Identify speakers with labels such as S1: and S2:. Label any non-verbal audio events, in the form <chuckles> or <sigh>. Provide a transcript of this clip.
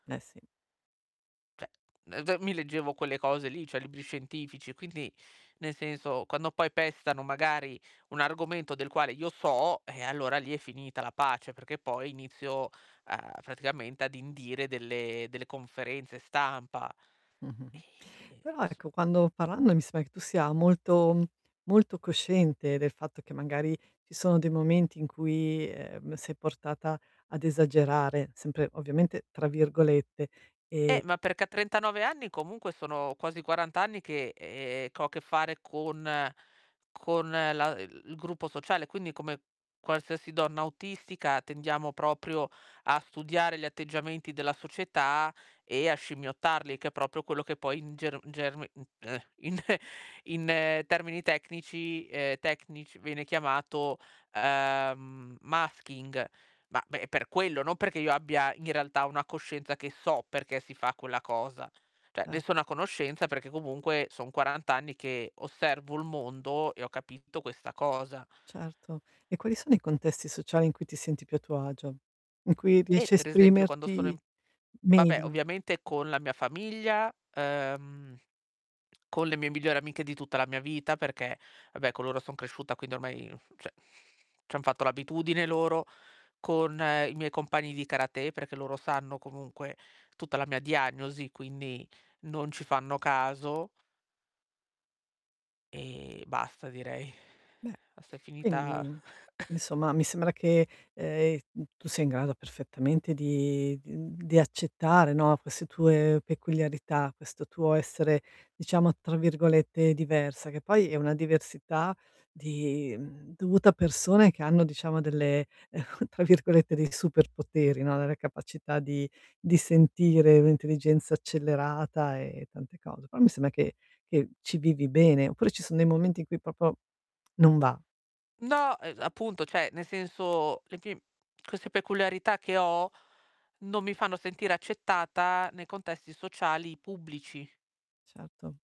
S1: Eh sì.
S2: Cioè, ehm, mi leggevo quelle cose lì, cioè libri scientifici e quindi nel senso, quando poi pestano magari un argomento del quale io so, ehm, allora lì è finita la pace, perché poi inizio, uhm, praticamente ad indire delle delle conferenze stampa.
S1: Mh-mh.
S2: Ehm,
S1: Però
S2: s
S1: ecco quando parlando mi sembra che tu sia molto, mhmm, molto cosciente del fatto che magari ci sono dei momenti in cui, ehm, sei portata ad "esagerare," sempre ovviamente tra virgolette, ehm
S2: Eh, ma perché a 39 anni comunque sono quasi 40 anni che e ehm, che ho a che fare con con la il il gruppo sociale, quindi come qualsiasi donna autistica tendiamo proprio a studiare gli atteggiamenti della società e a scimmiottarli, che è proprio quello che poi in germ germi ehm, in <chuckles> in termini tecnici ehm, tecnici viene chiamato, ehm, masking. Ma, beh, per quello, non perché io abbia in realtà una coscienza che so perché si fa quella cosa. Cioè,
S1: A
S2: ne sono a conoscenza perché comunque son 40 anni che osservo il mondo e ho capito questa cosa.
S1: Certo. E quali sono i contesti sociali in cui ti senti più a tuo agio? In cui
S2: Eh,
S1: riesci a
S2: per esempio quando sono
S1: esprimerti
S2: in vabbè,
S1: meglio?
S2: ovviamente con la mia famiglia, ehm, con le mie migliori amiche di tutta la mia vita, perché, vabbè, con loro son cresciuta, quindi ormai, cioè, c'han fatto l'abitudine loro, con i miei compagni di karate, perché loro sanno comunque tutta la mia diagnosi, quindi non ci fanno caso ehm, basta, direi.
S1: Beh,
S2: Basta è finita
S1: quindi
S2: <coughs>
S1: insomma mi sembra che, ehm, uhm, tu sia in grado perfettamente di di, uhm, di accettare, no, queste tue peculiarità, questo tuo essere diciamo tra virgolette "diversa," che poi è una diversità di, mhmm, dovuta a persone che hanno diciamo delle <chuckles> tra virgolette, dei "superpoteri," no, la la capacità di di sentire un'intelligenza accelerata e tante cose. Però mi sembra che che ci vivi bene. Oppure ci son dei momenti in cui proprio non va?
S2: No, uhm, appunto, cioè nel senso, le pim queste peculiarità che ho, non mi fanno sentire accettata nei contesti sociali pubblici.
S1: Certo.